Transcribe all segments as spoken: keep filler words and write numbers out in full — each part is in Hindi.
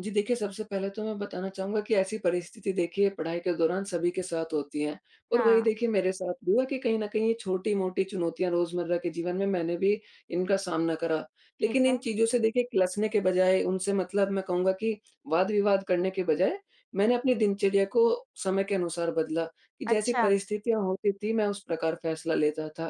जी देखिए, सबसे पहले तो मैं बताना चाहूँगा कि ऐसी परिस्थिति देखिए पढ़ाई के दौरान सभी के साथ होती है और वही हाँ। देखिए मेरे साथ भी हुआ कि कहीं न कहीं ये छोटी-मोटी चुनौतियाँ रोज़मर्रा के जीवन में मैंने भी इनका सामना करा। ठीक लेकिन इन है। चीज़ों से देखिए किलसने के बजाए उनसे मतलब, मैं कहूँगा कि वाद-विवाद करने के बजाए मैंने अपनी दिनचर्या को समय के अनुसार बदला कि जैसी अच्छा। परिस्थितियाँ होती थी मैं उस प्रकार फैसला लेता था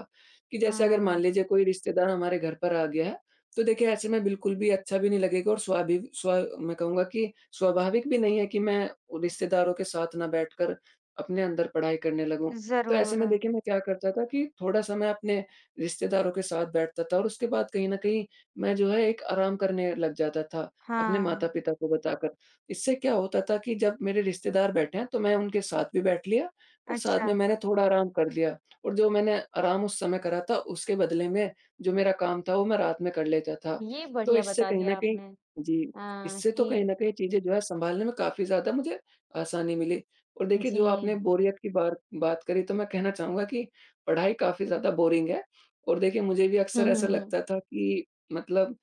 कि, जैसे अगर मान हाँ। लीजिए कोई रिश्तेदार हमारे घर पर आ गया है, तो देखिए ऐसे में बिल्कुल भी अच्छा भी नहीं लगेगा और स्वाभावि स्वा मैं कहूँगा कि स्वाभाविक भी नहीं है कि मैं रिश्तेदारों के साथ ना बैठ कर अपने अंदर पढ़ाई करने लगूँ। तो ऐसे में ज़रूर। देखिए मैं क्या करता था कि थोड़ा-सा मैं अपने रिश्तेदारों के साथ बैठता था और उसके बाद कहीं न कहीं मैं जो है एक आराम करने लग जाता था, अपने हाँ। माता-पिता को बताकर, इससे क्या होता था कि जब मेरे रिश्तेदार बैठें तो मैं उनके साथ भी बैठ लिया और साथ में अच्छा। मैंने थोड़ा आराम कर लिया। और जो मैंने आराम उस समय करा था उसके बदले में जो मेरा काम था वो मैं रात में कर लेता था। ये तो बढ़िया इससे बता कहीं न दिया कहीं आपने जी, अ, इससे तो कहीं की न कहीं चीज़ें जो है सँभालने में काफ़ी ज़्यादा मुझे आसानी मिली, और देखिए जो आपने जी। बोरियत की बार बात करी तो मैं कहना चाहूँगा कि पढ़ाई काफ़ी ज़्यादा बोरिंग है और देखिए मुझे भी हुँ, अक्सर हुँ, ऐसा हुँ। लगता था कि मतलब,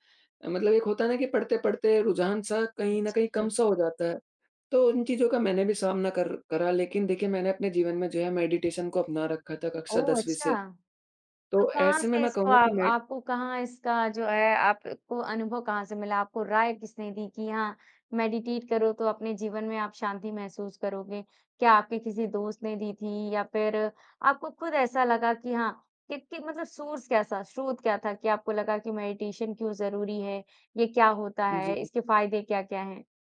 मतलब एक होता है ना कि पढ़ते-पढ़ते रुझान-सा कहीं न कहीं जी। कम-सा हो जाता है। तो उन चीज़ों का मैंने भी सामना कर करा लेकिन देखिए मैंने अपने जीवन में जो है मेडिटेशन को अपना रखा था कक्षा ओह दसवीं अच्छा। से, तो तो कहाँ ऐसे में से मैं इसको कहूँगा कि आप मैं आपको कहाँ इसका जो है अ, आपको अनुभव कहाँ से मिला, आपको राय किसने दी? की हाँ, मेडिटेट करो तो अपने जीवन में आप शांति महसूस करोगे। क्या आपके किसी दोस्त ने दी थी या फिर आपको खुद ऐसा लगा कि हाँ, कि, कि मतलब सोर्स कैसा स्रोत क्या था कि आपको लगा कि मेडिटेशन क्यों ज़रूरी है, ये क्या होता है? जी। इसके फायदे क्या-क्या हैं?